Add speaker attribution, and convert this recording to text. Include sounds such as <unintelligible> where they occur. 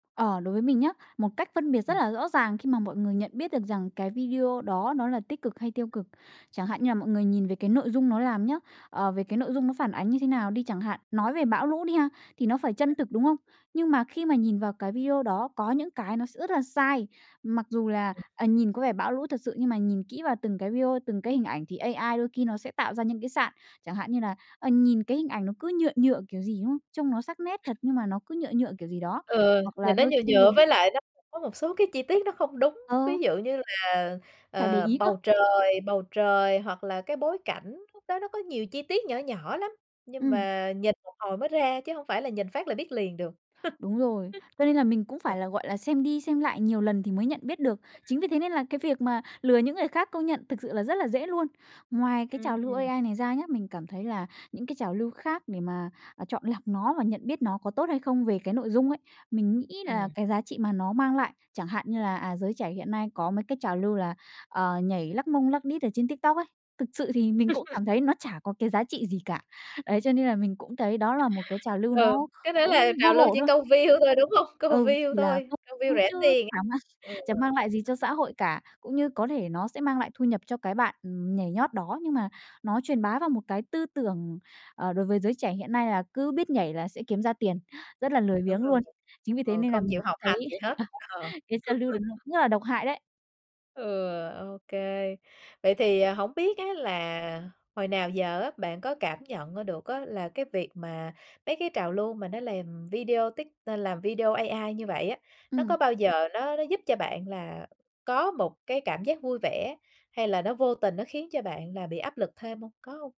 Speaker 1: Ờ, đối với mình nhớ, một cách phân biệt rất
Speaker 2: Ừm.
Speaker 1: là rõ ràng khi mà mọi người nhận biết được rằng cái video đó nó là tích cực hay tiêu cực, chẳng hạn như là mọi người nhìn về cái nội dung nó làm nhớ, ờ, về cái nội dung nó phản ánh như thế nào đi chẳng hạn. Nói về bão lũ đi ha, thì nó phải chân thực, đúng không? Nhưng mà khi mà nhìn vào cái video đó có những cái nó sẽ rất là sai. Mặc dù là,
Speaker 2: Ừm.
Speaker 1: ờ, nhìn có vẻ bão lũ thật sự nhưng mà nhìn kỹ vào từng cái video, từng cái hình ảnh thì AI đôi khi nó sẽ tạo ra những cái sạn. Chẳng hạn như là, ờ, nhìn cái hình ảnh nó cứ nhựa nhựa kiểu gì, đúng không? Trông nó sắc nét thật nhưng mà nó cứ nhựa nhựa kiểu gì đó.
Speaker 2: Ừ,
Speaker 1: Hoặc là
Speaker 2: nhìn nó
Speaker 1: đôi
Speaker 2: nhựa
Speaker 1: khi thì
Speaker 2: nhựa với lại nó có một số cái chi tiết nó không đúng.
Speaker 1: Ờ.
Speaker 2: Ví dụ như là,
Speaker 1: Phải để
Speaker 2: ờ,
Speaker 1: ý cơ!
Speaker 2: bầu trời bầu trời hoặc là cái bối cảnh, lúc đó nó có nhiều chi tiết nhỏ nhỏ lắm, nhưng
Speaker 1: Ừm.
Speaker 2: mà nhìn một hồi mới ra chứ hông phải là nhìn phát là biết liền được. <laughs>
Speaker 1: Đúng rồi. Cho nên là mình cũng
Speaker 2: <unintelligible>
Speaker 1: phải là, gọi là, xem đi xem lại nhiều lần thì mới nhận biết được. Chính vì thế nên là cái việc mà lừa những người khác công nhận thực sự là rất là dễ luôn. Ngoài cái
Speaker 2: Ừm,
Speaker 1: trào lưu
Speaker 2: ừm.
Speaker 1: AI này ra nhá, mình cảm thấy là những cái trào lưu khác để mà, à, chọn lọc nó và nhận biết nó có tốt hay không về cái nội dung ấy, mình nghĩ là
Speaker 2: Ừm.
Speaker 1: cái giá trị mà nó mang lại, chẳng hạn như là, à, giới trẻ hiện nay có mấy cái trào lưu là, ờ, nhảy lắc mông lắc đít ở trên TikTok ấy, thực sự thì mình cũng cảm
Speaker 2: <laughs>
Speaker 1: thấy nó chả có cái giá trị gì cả. Đấy, cho nên là mình cũng thấy đó là một cái trào lưu
Speaker 2: Ừ,
Speaker 1: nó kh
Speaker 2: cái đó
Speaker 1: cũng
Speaker 2: là
Speaker 1: vô
Speaker 2: trào lưu
Speaker 1: bổ
Speaker 2: chỉ
Speaker 1: thôi.
Speaker 2: câu view thôi, đúng hông? Câu
Speaker 1: Ừ,
Speaker 2: view
Speaker 1: chỉ là
Speaker 2: thôi,
Speaker 1: câu
Speaker 2: câu view
Speaker 1: view
Speaker 2: rẻ
Speaker 1: chứ
Speaker 2: tiền ấy.
Speaker 1: chả mang
Speaker 2: Ừ.
Speaker 1: chẳng mang lại gì cho xã hội cả. Cũng như có thể nó sẽ mang lại thu nhập cho cái bạn, ừm, nhảy nhót đó, nhưng mà nó truyền bá vào một cái tư tưởng, ờ, đối với giới trẻ hiện nay là cứ biết nhảy là sẽ kiếm ra tiền, rất là lười
Speaker 2: Đúng
Speaker 1: biếng
Speaker 2: rồi,
Speaker 1: luôn. Chính vì thế
Speaker 2: ừ,
Speaker 1: nên là
Speaker 2: không
Speaker 1: mình
Speaker 2: chịu học
Speaker 1: cũng thấy
Speaker 2: hành gì hết, ờ.
Speaker 1: ờ, cái trào lưu đó
Speaker 2: <laughs>
Speaker 1: nó rất là độc hại đấy.
Speaker 2: Ừ, OK. Vậy thì, à, hổng biết á là hồi nào giờ á bạn có cảm nhận ra được á là cái việc mà mấy cái trào lưu mà nó làm video tít à, làm video AI như vậy á, nó có
Speaker 1: Ừm.
Speaker 2: bao giờ nó nó giúp cho bạn là có một cái cảm giác vui vẻ, hay là nó vô tình nó khiến cho bạn là bị áp lực thêm hông? Có hông?